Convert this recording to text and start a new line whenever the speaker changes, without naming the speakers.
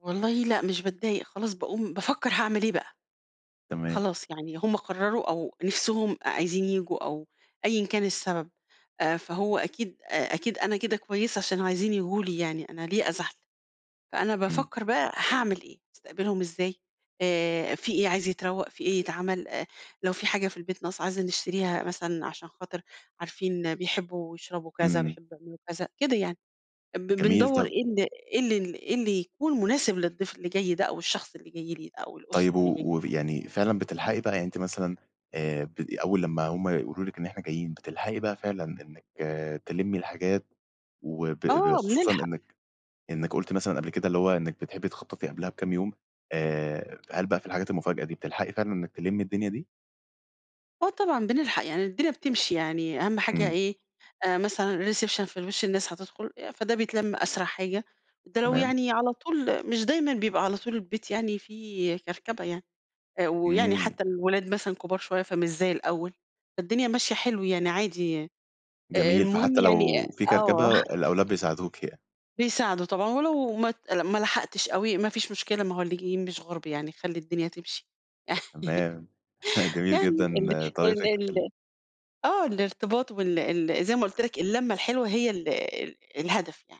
والله لأ، مش باتضايق خلاص باقوم بافكر هاعمل إيه بقى.
تمام.
خلاص، يعني هُم قرروا أو نفسهم أ عايزين ييجوا أو أيًا كان السبب. آآ، فهو أكيد آآ، أكيد أنا كده كويسة عشان عايزين ييجوا لي يعني، أنا ليه أزعل؟ فأنا
إمم.
بافكر بقى هاعمل إيه؟ أستقبلهم إزاي، آآ، في إيه عايز يتروّق؟ في إيه يتعمل؟ آآ، لو في حاجة في البيت ناقصة عايزة نشتريها مثلًا عشان خاطر عارفين بيحبوا يشربوا كذا،
إمم.
بيحبوا يعملوا كذ، ا كده يعني. أمب
جميل،
بندوُر
طب
إيه ال إيه ال ال اللي يكون مناسب للضيف اللي جاي ده، أو الشخص اللي جاي لي، أو
طيب،
الأسرة اللي
و
جايين دي.
وف يعني فعلًا بتلحقي بقى؟ يعني أنتِ مثلًا آآ، بدي أول لمّا هُم يقولوا لِك إن إحنا جايين، بتلحقي بقى فعلًا إنِّك تلمّي الحاجات وب ب
آه،
خصوصًا
بنلحق.
إنِّك إنِّك قُلتِ مثلًا قبل كده، اللي هو إنِّك بتحبي تخططي قبلها بكام يوم. آآ، فهل بقى في الحاجات المفاجأة دي بتلحقي فعلًا إنِّك تلمّي الدنيا دي؟
آه، طبعًا، بنلحق، يعني الدنيا بتمشي يعني، أهَم حاجة
إمم.
إيه، آآ، مثلًا الreception في الوِش الناس هتدخل آآ، فده بيتلم أسرع حاجة. ده لو
تمام.
يعني على طول مش دايمًا بيبقى على طول البيت يعني فيه كركبة يعني. آآ، ويعني
إمم.
حتى الولاد مثلًا كبار شوية، فمش زي الأول، فالدنيا ماشية حلو يعني عادي آآ، آآ،
جميل.
المهم
فحتى
يعني
لو في
آه.
كركبة، الأولاد بيساعدوكِ ي
بيساعدوا طبعًا ولو ما ت ما لحقتش أوي، ما فيش مشكلة. ما هو اللي جايين مش غُرب يعني، خلّي الدنيا تمشي.
تمام. جميل
يعني،
جدًا
ال ال
طريقتِك في
ال
ال
آه، الارتباط وال ال زي ما قُلت لك اللمة الحلوة هي ال ال الهدف يعني.